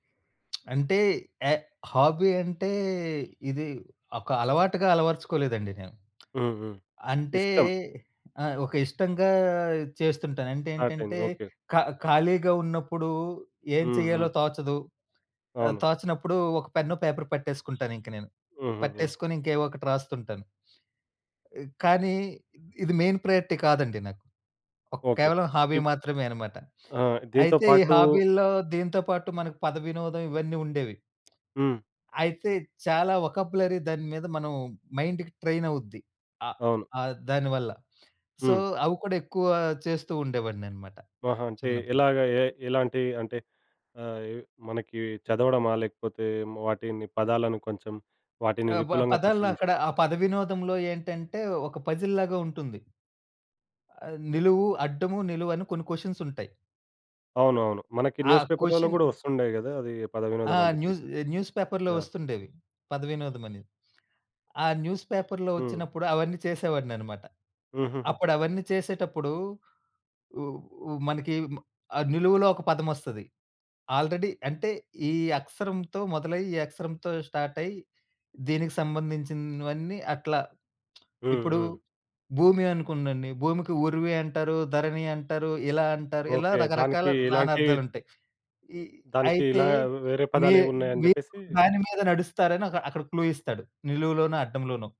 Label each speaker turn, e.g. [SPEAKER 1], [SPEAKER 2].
[SPEAKER 1] అంటే, yeah! Hobby అంటే, ఇది ఒక అలవాటుగా అలవర్చుకోలేదండి నేను.
[SPEAKER 2] హ్మ్. హ్మ్.
[SPEAKER 1] అంటే
[SPEAKER 2] ఇష్టం.
[SPEAKER 1] ఆహ్, ఒక ఇష్టంగా చేస్తుంటాను. అంటే
[SPEAKER 2] స్టార్ట్ అయింది.
[SPEAKER 1] ఏంటంటే
[SPEAKER 2] ఓకే.
[SPEAKER 1] ఖ ఖాళీగా ఉన్నప్పుడు ఏం
[SPEAKER 2] హ్మ్.
[SPEAKER 1] చేయాలో
[SPEAKER 2] హ్మ్.
[SPEAKER 1] తోచదు. ఆహ్,
[SPEAKER 2] అవును.
[SPEAKER 1] తోచనప్పుడు ఒక పెన్ను, పేపరు పట్టేసుకుంటాను ఇంక నేను.
[SPEAKER 2] హుహుహు.
[SPEAKER 1] పట్టేసుకొని ఇంకా ఏవో ఒకటి రాస్తుంటాను. కానీ ఇది మెయిన్ ప్రయారిటీ కాదండి నాకు. ఒక
[SPEAKER 2] ఓకే.
[SPEAKER 1] కేవలం హాబీ
[SPEAKER 2] ఇ
[SPEAKER 1] మాత్రమే అనమాట.
[SPEAKER 2] ఆ! దీంతో
[SPEAKER 1] అయితే ఈ
[SPEAKER 2] పాటు
[SPEAKER 1] హాబీల్లో దీనితో పాటు మనకు పదవినోదం ఇవన్నీ ఉండేవి.
[SPEAKER 2] హ్మ్.
[SPEAKER 1] అయితే చాలా వొకాబులరీ దాని మీద మనం మైండ్‌కి ట్రైన్ అవుద్ది. ఆహ్,
[SPEAKER 2] అవును.
[SPEAKER 1] ఆహ్, దానివల్ల. సో
[SPEAKER 2] హ్మ్.
[SPEAKER 1] అవి కూడా ఎక్కువ చేస్తూ ఉండేవాడినన్నమాట
[SPEAKER 2] ఆహా! అంటే
[SPEAKER 1] చిన్నప్పుడు.
[SPEAKER 2] ఎలాగా ఎ ఎలాంటి అంటే ఆహ్, మనకి చదవడమా? లేకపోతే వాటిని పదాలను కొంచెం వాటిని
[SPEAKER 1] ఆహ్, ప
[SPEAKER 2] విపులంగా పరిశీలించడం.
[SPEAKER 1] పదాలనక్కడ ఆ పద వినోదంలో ఏంటంటే ఒక పజిల్‌‌‌‌‌‌‌ లాగా ఉంటుంది. ఆహ్, నిలువు, అడ్డము, నిలువు అని కొన్ని క్వషన్స్ ఉంటాయి.
[SPEAKER 2] అవునవును. మనకి
[SPEAKER 1] ఆ
[SPEAKER 2] న్యూస్ పేపర్లలో
[SPEAKER 1] క్వషన్
[SPEAKER 2] కూడా వస్తుండేయి గదా! అది పద
[SPEAKER 1] ఆ!
[SPEAKER 2] వినోదమని జెప్పి.
[SPEAKER 1] న్యూజ్ న్యూస్ పేపర్‌లో
[SPEAKER 2] యాహ్!
[SPEAKER 1] వస్తుండేవి, పదవినోదమని. ఆ న్యూస్ పేపర్‌లో
[SPEAKER 2] హ్మ్.
[SPEAKER 1] వచ్చినప్పుడు అవన్నీ చేసేవాడినిన్నమాట.
[SPEAKER 2] హూహూహు.
[SPEAKER 1] అప్పుడు అవన్నీ చేసేటప్పుడు ఉ ఉ మనకి ఆహ్, నిలువులో ఒక పదమస్తది. ఆల్రెడీ అంటే ఈ అక్షరంతో మొదలై, ఈ అక్షరంతో స్టార్ట్ అయ్యి, దీనికి సంబంధించినవన్నీ అట్లా
[SPEAKER 2] హ్మ్.
[SPEAKER 1] ఇప్పుడు
[SPEAKER 2] హ్మ్.
[SPEAKER 1] భూమి అనుకుంనండి. భూమికి ఉరివి అంటారు. ధరణి అంటారు. ఇలా అంటారు. ఇలా
[SPEAKER 2] ఓకే.
[SPEAKER 1] రకరకాల
[SPEAKER 2] దానికి ఇలాంటి
[SPEAKER 1] నానార్దాలుంటయి. ఇ
[SPEAKER 2] దానికి
[SPEAKER 1] అయితే
[SPEAKER 2] ఇలా వేరే
[SPEAKER 1] మీ
[SPEAKER 2] పదాలేమున్నాయని
[SPEAKER 1] మీరు
[SPEAKER 2] జెప్పేసి
[SPEAKER 1] దాని మీద నడుస్తారని అక్క అక్కడ క్లూ ఇస్తాడు. నిలువులోనో, అడ్డంలోనో.